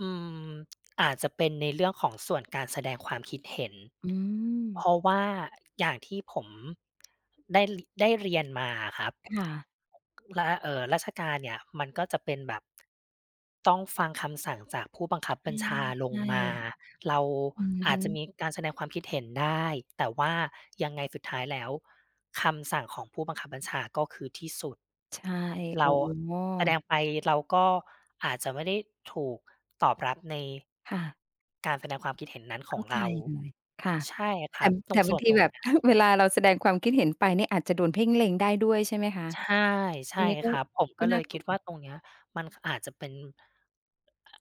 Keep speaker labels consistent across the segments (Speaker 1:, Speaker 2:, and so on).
Speaker 1: อืม อาจจะเป็นในเรื่องของส่วนการแสดงความคิดเห็น
Speaker 2: อื
Speaker 1: เพ
Speaker 2: ม
Speaker 1: ราะว่าอย่างที่ผม ได้ริ ได้เรียนมาอะครับ
Speaker 2: ค่ะ
Speaker 1: และ เอ่อ ราชการเนี่ยมันก็จะเป็นแบบ ต้องฟังคำสั่งจากผู้บังคับบัญชาล
Speaker 2: ใช
Speaker 1: ง
Speaker 2: ่
Speaker 1: มา เรา
Speaker 2: ๆ อือ
Speaker 1: อ
Speaker 2: ฮ
Speaker 1: า
Speaker 2: ึ
Speaker 1: จจะมีการแสดงความคิดเห็นได้ แต่ว่ายังไงสุดท้ายแล้วคำสั่งของผู้บังคับบัญชา ก็คือที่สุด
Speaker 2: ใช่
Speaker 1: เร
Speaker 2: อ
Speaker 1: า
Speaker 2: ๋
Speaker 1: แสด
Speaker 2: อ
Speaker 1: งไป เราก็อาจจะไม่ได้ถูกตอบรับใน
Speaker 2: ค่ะ
Speaker 1: การแสดงความคิดเห็นนั้นข
Speaker 2: เข
Speaker 1: อ
Speaker 2: ้
Speaker 1: ง
Speaker 2: าใ
Speaker 1: เ
Speaker 2: จ
Speaker 1: รา
Speaker 2: เลย ค่ะ
Speaker 1: ใช่ค
Speaker 2: แต
Speaker 1: ร
Speaker 2: ่
Speaker 1: ับ ต
Speaker 2: แต
Speaker 1: ร
Speaker 2: ่
Speaker 1: ง
Speaker 2: บ
Speaker 1: ส
Speaker 2: า
Speaker 1: ่
Speaker 2: ง
Speaker 1: วน
Speaker 2: ที
Speaker 1: ตรง
Speaker 2: แบ
Speaker 1: เ
Speaker 2: บ
Speaker 1: นี้
Speaker 2: ถ
Speaker 1: ย
Speaker 2: ้าเวลาเราแสดงความคิดเห็นไปเนี่ย อาจจะโดนเพ่งเล็งได้ด้วยใช่ไหมคะ?
Speaker 1: ใช่ ใช
Speaker 2: ตร
Speaker 1: ่
Speaker 2: งนี้ก็
Speaker 1: ครับ ผม
Speaker 2: ก
Speaker 1: ก
Speaker 2: ็
Speaker 1: ็เ
Speaker 2: น
Speaker 1: ล
Speaker 2: ่า
Speaker 1: ย
Speaker 2: ก
Speaker 1: ค
Speaker 2: ล
Speaker 1: ิ
Speaker 2: ั
Speaker 1: ด
Speaker 2: ว
Speaker 1: ว่าตรงเนี้ยมัน ค อาจจะเป็น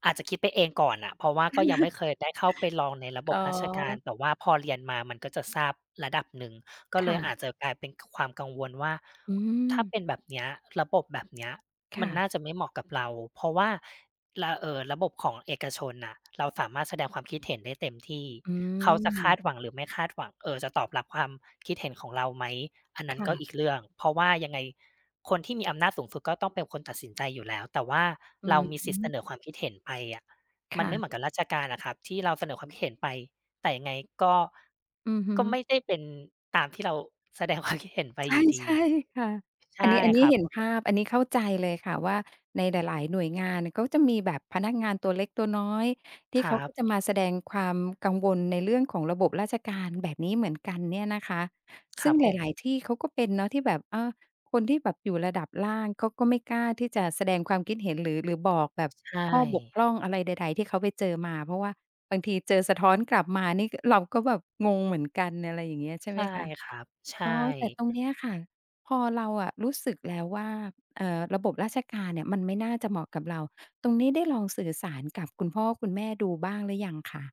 Speaker 1: อาจจะคิดไปเองก่อนน่ะ เพราะว่าก็ยังไม่เคยได้เข้าไปลองในระบ
Speaker 2: อ๋
Speaker 1: บราชการ
Speaker 2: อ
Speaker 1: แต่ว่าพอเรียนมา มันก็จะทราบระดับหนึ่ง ก็
Speaker 2: ค
Speaker 1: เล
Speaker 2: ่
Speaker 1: ยอ
Speaker 2: ะ
Speaker 1: าจจะกลายเป็นความกังวลว่า
Speaker 2: อื
Speaker 1: ถ้าเ
Speaker 2: ม
Speaker 1: ป็นแบบเนี้ย ระบบแบบเนี้ย
Speaker 2: ค
Speaker 1: ม
Speaker 2: ่
Speaker 1: ัน
Speaker 2: ะ
Speaker 1: น่าจะไม่เหมาะกับเรา เพราะว่า ระ เอ่อ ระบบของเอกชนน่ะ เราสามารถแสดงความคิดเห็นได้เต็มที่
Speaker 2: อื
Speaker 1: เขาจะคา
Speaker 2: ม
Speaker 1: ดหวังหรือไม่คาดหวัง เอ่อ จะตอบรับความคิดเห็นของเราไหม อันนั
Speaker 2: ค
Speaker 1: ้น
Speaker 2: ่
Speaker 1: ก็
Speaker 2: ะ
Speaker 1: อีกเรื่อง เพราะว่ายังไงคนที่มีอำนาจสูงสุด ก็ต้องเป็นคนตัดสินใจอยู่แล้ว แต่ว่า
Speaker 2: อื
Speaker 1: เรา
Speaker 2: อ
Speaker 1: มี
Speaker 2: ฮ
Speaker 1: สิทธิ์เส
Speaker 2: ึ
Speaker 1: นอความคิดเห็นไปอะ
Speaker 2: ค
Speaker 1: มัน
Speaker 2: ่
Speaker 1: ไม่เห
Speaker 2: ะ
Speaker 1: มือนกับราชการอะครับ ที่เราเสนอความคิดเห็นไปแต่ยังไงก็
Speaker 2: อือฮึ
Speaker 1: ก็ไม่ได้เป็นตามที่เราแสดง ความ คิดเห็นไป
Speaker 2: ใช
Speaker 1: อ
Speaker 2: ่
Speaker 1: ยู่ด
Speaker 2: ใช
Speaker 1: ี
Speaker 2: ่ ค่ะ
Speaker 1: ใช
Speaker 2: อันน
Speaker 1: ่
Speaker 2: ี้ อันนี
Speaker 1: ค
Speaker 2: ้
Speaker 1: รั
Speaker 2: เ
Speaker 1: บ
Speaker 2: ห็นภาพ อันนี้เข้าใจเลยค่ะว่า ในหลาย ๆ หน่วยงานเขาจะมีแบบพนักงานตัวเล็กตัวน้อย ที
Speaker 1: ค
Speaker 2: ่
Speaker 1: ร
Speaker 2: เข
Speaker 1: ั
Speaker 2: าก็
Speaker 1: บ
Speaker 2: จะมาแสดงความกังวลในเรื่องของระบบราชการแบบนี้เหมือนกันเนี่ยนะคะ
Speaker 1: ค
Speaker 2: ซึ
Speaker 1: ร
Speaker 2: ่
Speaker 1: ั
Speaker 2: ง
Speaker 1: บ
Speaker 2: ห
Speaker 1: ผ
Speaker 2: ล
Speaker 1: ม
Speaker 2: าย ๆ ที่เขาก็เป็นเนาะ ที่แบบ เออ คนที่แบบอยู่ระดับล่างเขาก็ไม่กล้าที่จะแสดงความคิดเห็น หรือ หรือบอกแบบ
Speaker 1: ใช
Speaker 2: ข้อบก
Speaker 1: ่
Speaker 2: พร่องอะไรใด ๆ ที่เขาไปเจอมา เพราะว่าบางทีเจอสะท้อนกลับมานี่เราก็แบบงงเหมือนกัน อะไรอย่างเงี้ย ใช่
Speaker 1: ใช
Speaker 2: ไหม
Speaker 1: ่
Speaker 2: คะ?
Speaker 1: ครับ ใช
Speaker 2: อ๋อ แต่
Speaker 1: ่
Speaker 2: ตรงเนี้ยค่ะ พอเราอะรู้สึกแล้วว่า เอ่อ ระบบราชการเนี่ยมันไม่น่าจะเหมาะกับเรา ตรงนี้ได้ลองสื่อสารกับคุณพ่อคุณแม่ดูบ้างหรือยังคะ?